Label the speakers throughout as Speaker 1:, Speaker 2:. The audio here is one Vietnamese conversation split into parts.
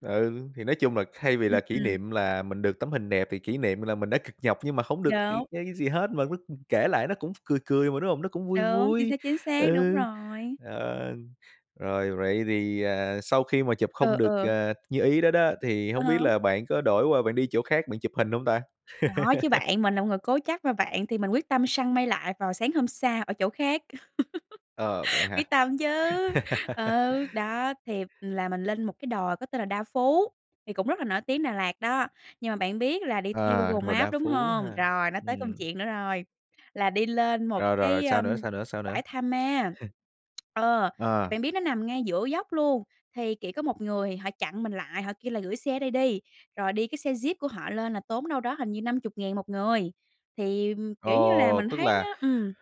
Speaker 1: Ừ, thì nói chung là thay vì
Speaker 2: Ừm,
Speaker 1: là kỷ
Speaker 2: ừm.
Speaker 1: niệm là mình được tấm hình đẹp thì kỷ niệm m là mình đã cực nhọc nhưng mà hổng được c cái
Speaker 2: Đúng.
Speaker 1: cái gì hết, mà lúc mình kể lại nó cũng cười cười mà, đúng hông? Nó cũng vui
Speaker 2: Đúng, chính xác,
Speaker 1: vui,
Speaker 2: chính xác, đúng
Speaker 1: ừ,
Speaker 2: rồi.
Speaker 1: ờ. Rồi vậy thì, à, sau khi mà chụp
Speaker 2: Ừ,
Speaker 1: không được,
Speaker 2: ừ.
Speaker 1: à, như ý đó đó, thì
Speaker 2: Ờ
Speaker 1: hông biết
Speaker 2: ha.
Speaker 1: là bạn có đổi qua bạn đi chỗ khác bạn chụp hình hông ta?
Speaker 2: Có chứ bạn. Mình là một người cố chấp mà bạn, thì mình quyết tâm săn mây lại vào sáng hôm sau ở chỗ khác.
Speaker 1: Ờ, vậy hả?
Speaker 2: Quyết tâm chứ, ừ, đó, thì là mình lên một cái đồi có tên là Đa Phú, thì cũng rất là nổi tiếng Đà Lạt đó, nhưng mà bạn biết là đi theo
Speaker 1: À,
Speaker 2: Google
Speaker 1: đồi Đa
Speaker 2: Maps, đúng
Speaker 1: Phú
Speaker 2: hông?
Speaker 1: ha,
Speaker 2: Rồi nó tới công
Speaker 1: ừm.
Speaker 2: chuyện nữa rồi, là đi lên một
Speaker 1: Rồi, rồi,
Speaker 2: cái, ơ,
Speaker 1: sao nữa, sao nữa, sao nữa?
Speaker 2: bãi tha ma. Ờ,
Speaker 1: Ờ.
Speaker 2: bạn biết nó nằm ngay giữa dốc luôn, thì chỉ có một người họ chặn mình lại, họ kêu là gửi xe ở đây đi, rồi đi cái xe Jeep của họ lên là tốn đâu đó hình như 50.000 1 người, thì, kiểu, như là
Speaker 1: Ồ,
Speaker 2: mình
Speaker 1: tức
Speaker 2: thấy
Speaker 1: là,
Speaker 2: nó ừm.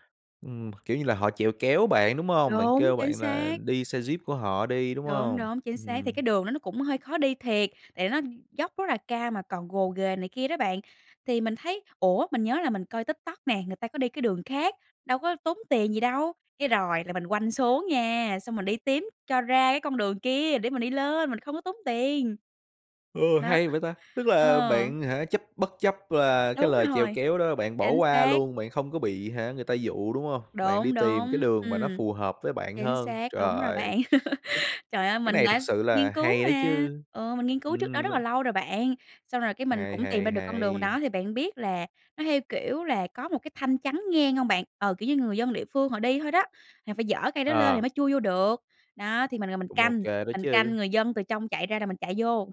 Speaker 1: ừm, kiểu như là, họ chịu kéo bạn, đúng hông? Bạn
Speaker 2: Đúng,
Speaker 1: kêu
Speaker 2: chính
Speaker 1: bạn là
Speaker 2: xác.
Speaker 1: đi xe Jeep của họ đi, đúng
Speaker 2: Đúng,
Speaker 1: hông?
Speaker 2: đúng, chính xác, thì
Speaker 1: Ừm.
Speaker 2: cái đường đó nó cũng hơi khó đi thiệt, tại nó dốc rất là cao mà còn gồ ghề này kia đó bạn, thì mình thấy: "Ủa, mình nhớ là mình coi TikTok nè, người ta có đi cái đường khác, đâu có tốn tiền gì đâu?" cái rồi là mình quanh xuống nha, xong mình đi tím cho ra cái con đường kia để mình đi lên mình không có tốn tiền.
Speaker 1: Ơ,
Speaker 2: Nó
Speaker 1: hay vậy ta, tức là
Speaker 2: Ờ.
Speaker 1: bạn, hả, chấp bất chấp và cái
Speaker 2: Đúng
Speaker 1: lời chèo
Speaker 2: rồi,
Speaker 1: kéo đó bạn bỏ
Speaker 2: chính
Speaker 1: qua
Speaker 2: xác.
Speaker 1: luôn, bạn không có bị, hả, người ta dụ, đúng hông? Bạn đi
Speaker 2: Đúng,
Speaker 1: tìm cái
Speaker 2: đúng,
Speaker 1: đường mà nó
Speaker 2: ừm,
Speaker 1: phù hợp với bạn
Speaker 2: chính
Speaker 1: hơn,
Speaker 2: xác, đúng rồi
Speaker 1: rồi.
Speaker 2: bạn.
Speaker 1: [unintelligible]
Speaker 2: Trời ơi,
Speaker 1: Cái
Speaker 2: mình
Speaker 1: này thực
Speaker 2: đã
Speaker 1: sự là
Speaker 2: nghiên cứu
Speaker 1: hay đấy
Speaker 2: mà,
Speaker 1: chứ,
Speaker 2: ừ, mình nghiên cứu trước đó
Speaker 1: ừm, m
Speaker 2: rất là lâu rồi bạn, xong rồi cái mình
Speaker 1: Hay,
Speaker 2: cũng tìm ra
Speaker 1: hay,
Speaker 2: được con đường đó
Speaker 1: hay.
Speaker 2: thì bạn biết là nó theo, kiểu, là có một cái thanh chắn ngang hông bạn? Ờ, kiểu như người dân địa phương họ đi thôi đó, thì phải dỡ cây đó lên thì
Speaker 1: Ờ.
Speaker 2: mới chui vô được, đó, thì mình ngồi mình
Speaker 1: Cũng ô
Speaker 2: canh,
Speaker 1: kê đó
Speaker 2: mình canh
Speaker 1: chứ.
Speaker 2: người dân từ trong chạy ra rồi mình chạy vô.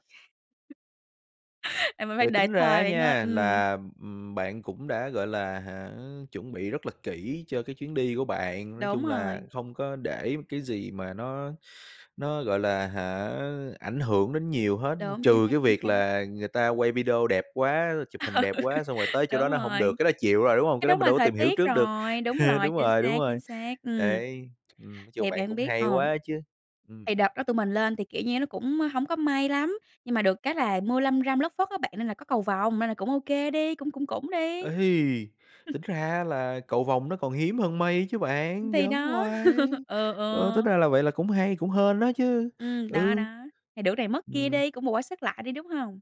Speaker 2: À, mình phải
Speaker 1: Vậy
Speaker 2: đợi
Speaker 1: tính ra
Speaker 2: thời
Speaker 1: á
Speaker 2: bạn ơi,
Speaker 1: nha
Speaker 2: ừm.
Speaker 1: là, ừm, bạn cũng đã, gọi là, hả, chuẩn bị rất là kỹ cho cái chuyến đi của bạn. Nói
Speaker 2: Đúng
Speaker 1: chung là,
Speaker 2: rồi.
Speaker 1: không có để m cái gì mà nó nó, gọi là, hả, ảnh hưởng đến nhiều hết,
Speaker 2: Đúng, chính
Speaker 1: trừ
Speaker 2: xác,
Speaker 1: cái
Speaker 2: chính
Speaker 1: việc
Speaker 2: xác.
Speaker 1: là người ta quay video đẹp quá, chụp hình đẹp quá xong rồi tới chỗ đó
Speaker 2: Đúng
Speaker 1: nó hổng
Speaker 2: rồi.
Speaker 1: được, cái đó chịu rồi, đúng hông?
Speaker 2: Cái
Speaker 1: Cái đó
Speaker 2: đó
Speaker 1: mình
Speaker 2: mà
Speaker 1: đâu có
Speaker 2: thời
Speaker 1: tìm hiểu
Speaker 2: tiết
Speaker 1: trước được,
Speaker 2: rồi, đúng rồi,
Speaker 1: đúng
Speaker 2: chính
Speaker 1: rồi, đúng
Speaker 2: xác, chính
Speaker 1: rồi,
Speaker 2: xác, ừm.
Speaker 1: đấy, ừm, nói chung
Speaker 2: Thì
Speaker 1: bạn
Speaker 2: bạn
Speaker 1: cũng
Speaker 2: biết
Speaker 1: hay
Speaker 2: ờm,
Speaker 1: quá chứ, ừm.
Speaker 2: thì đợt đó tụi mình lên thì, kiểu, như nó cũng hổng có mây lắm, nhưng mà được cái là mưa lâm râm lất phất á bạn nên là có cầu vòng nên là cũng ô kê đi, cũng cũng cũng đi.
Speaker 1: Ây, tính ra á là cầu vồng nó còn hiếm hơn mây chứ bạn,
Speaker 2: Thì
Speaker 1: giỡn
Speaker 2: đó,
Speaker 1: hoài,
Speaker 2: ừ,
Speaker 1: ơ, tính
Speaker 2: ừ.
Speaker 1: ra là vậy là cũng hay, cũng hên á chứ,
Speaker 2: Ừm, đó
Speaker 1: ừ.
Speaker 2: đó, thì được này mất kia
Speaker 1: Ừm.
Speaker 2: đi, cũng bù qua sớt lại đi, đúng hông?